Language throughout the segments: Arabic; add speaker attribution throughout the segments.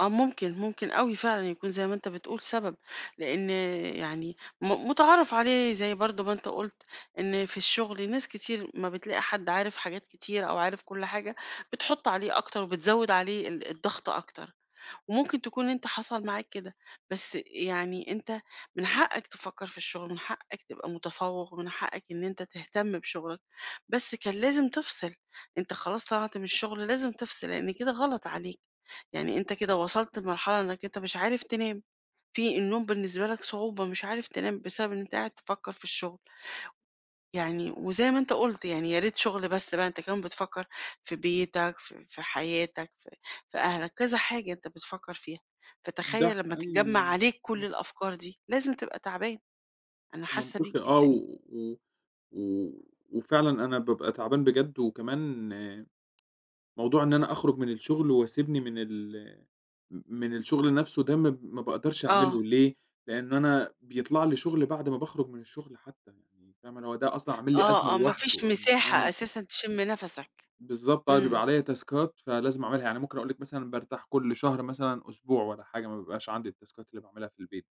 Speaker 1: آه ممكن، ممكن أوي فعلًا يكون زي ما أنت بتقول سبب، لإن يعني م مُتعارف عليه زي برضه ما أنت قُلت، إن في الشُّغل ناس كتير، ما بتلاقي حد عارف حاجات كتير أو عارف كُلّ حاجة، بتحُطّ عليه أكتر وبتزوِّد عليه ال الضغط أكتر، وممكن تكون أنت حصل معاك كده، بس يعني أنت من حقّك تفكّر في الشُّغل من حقّك تبقى مُتفوِّق، ومن حقّك إن أنت تهتم بشُغلك، بس كان لازم تفصِل، أنت خلاص طلعت من الشُّغل، لازم تفصِل لإن كده غلط عليك، يعني أنت كده وصلت لمرحلة إنك أنت مش عارف تنام، في النوم بالنسبة لك صعوبة، مش عارف تنام بسبب إن أنت قاعد تفكّر في الشُّغل. يعني وزي ما أنت قُلت يعني يا ريت شُغل بس بقى، أنت كمان بتفكّر في بيتك في في حياتك، في في أهلك، كذا حاجة أنت بتفكّر فيها،
Speaker 2: ده
Speaker 1: فتخيّل لمّا
Speaker 2: حقيقي
Speaker 1: تتجمّع عليك كُلّ
Speaker 2: إمم.
Speaker 1: الأفكار دي لازم تبقى تعبان، أنا حاسّة بيك
Speaker 2: منطقي آه،
Speaker 1: جدًا
Speaker 2: و و و وفعلًا أنا بابقى تعبان بجد، وكمان موضوع إن أنا أخرُج من الشُّغل، واسيبني من ال م من الشُّغل نفْسه ده م ما باقدرش
Speaker 1: آه.
Speaker 2: أعملُه ليه؟ لإن أنا بيطلع لي شُغل بعد ما باخرج من الشُّغل حتّى يعني، فاهمة، هو ده أصلًا عامِل لي أزمة
Speaker 1: آه، آه، ما فيش
Speaker 2: لوحدُه إن
Speaker 1: مساحة
Speaker 2: آه.
Speaker 1: أساسًا تِشمّ نفَسك،
Speaker 2: بالضبط، بقى بيبقى
Speaker 1: إمم.
Speaker 2: عليّا تاسكات فلازم أعملها، يعني ممكن أقول لِك مثلًا بارتاح كُلّ شهر مثلًا أسبوع والّا حاجة، ما بيبقاش عندي التاسكات اللي باعملها في البيت،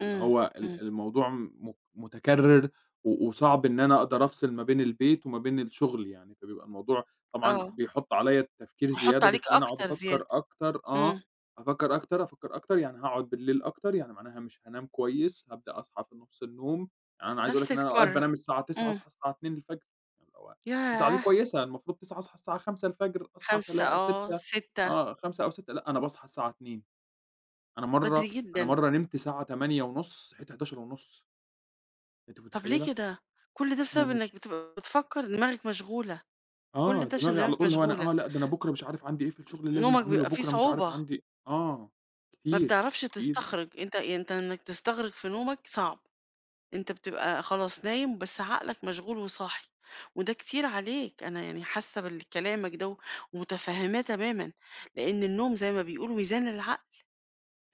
Speaker 2: فاللي
Speaker 1: إمم،
Speaker 2: هو ال
Speaker 1: إمم.
Speaker 2: الموضوع م م مُتكرر، و وصعب إن أنا أقدر أفصل ما بين البيت وما بين الشغل يعني، فبيبقى الموضوع طبعًا
Speaker 1: آه.
Speaker 2: بيحُطّ عليّا تفكير
Speaker 1: هيحُطّ
Speaker 2: زيادة
Speaker 1: عليك
Speaker 2: بيخلّيني أقعد
Speaker 1: أكتر
Speaker 2: أفكّر
Speaker 1: زيادة.
Speaker 2: أكتر آه،
Speaker 1: إمم.
Speaker 2: أفكّر أكتر، أفكّر أكتر، يعني هاقعد بالليل أكتر، يعني معناها مش هانام كويس، هابدأ أصحى في نُصّ النوم، يعني أنا عايز أقول لِك
Speaker 1: نفْس
Speaker 2: إن أنا أوقات
Speaker 1: الكَرَّة.
Speaker 2: بانام الساعة 21:00
Speaker 1: إمم.
Speaker 2: أصحى الساعة 02:00 اللي هو 21:00 دي
Speaker 1: ياه!
Speaker 2: كويسة، المفروض 21:00 أصحى الساعة 05:00 أصحى
Speaker 1: 05:00
Speaker 2: تلا
Speaker 1: آه،
Speaker 2: 06:00
Speaker 1: 06:00
Speaker 2: آه، 05:00 أو 06:00 لأ، أنا باصحى الساعة 02:00 أنا
Speaker 1: بدري
Speaker 2: مَرّة أنا
Speaker 1: جدًا.
Speaker 2: مَرّة نمت ساعة 20:30 صحيت 23:30 أنتِ
Speaker 1: طب ليه
Speaker 2: مُتخيّلة؟
Speaker 1: كده؟ كُلّ ده
Speaker 2: لأ،
Speaker 1: بسبب إنك
Speaker 2: مش
Speaker 1: بتبقى بتفكَر دماغك مشغولة، كُلّ
Speaker 2: آه،
Speaker 1: ده عشان
Speaker 2: دماغي على
Speaker 1: دماغك
Speaker 2: طول اللي هو أنا
Speaker 1: مشغولة.
Speaker 2: آه، لأ، ده أنا بكرة مش عارف عندي إيه في الشُّغل
Speaker 1: ن
Speaker 2: لازم
Speaker 1: نومك
Speaker 2: أعملُه،
Speaker 1: بيبقى فيه
Speaker 2: بكرة مش عارف
Speaker 1: صعوبة.
Speaker 2: عندي آه
Speaker 1: ما
Speaker 2: كتير،
Speaker 1: بتعرفش
Speaker 2: [unintelligible]
Speaker 1: تستخرج، أنت أنت إنك تستغرق في نومك صعب، أنت بتبقى خلاص نايم بس عقلك مشغول وصاحي، وده كتير عليك، أنا يعني حاسّة بال كلامك ده ومتفهّماه تمامًا، لإن النوم زي ما بيقولوا ميزان للعقل،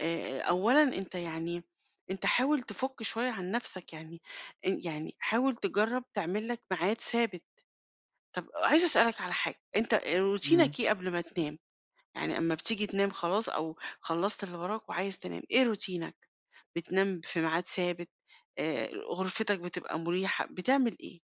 Speaker 1: آآ، آآ أولًا أنت يعني أنت حاول تفُك شوية عن نفْسك، يعني أن يعني حاول تجرّب تعمل لك ميعاد ثابت. طب عايزة أسألك على حاجة، أنت
Speaker 2: إمم.
Speaker 1: روتينك إيه قبل ما تنام؟ يعني امّا بتيجي تنام خلاص أو خلّصت اللي وراك وعايز تنام إيه روتينك؟ بتنام في ميعاد ثابت، آآ غرفتك بتبقى مُريحة، بتعمل إيه؟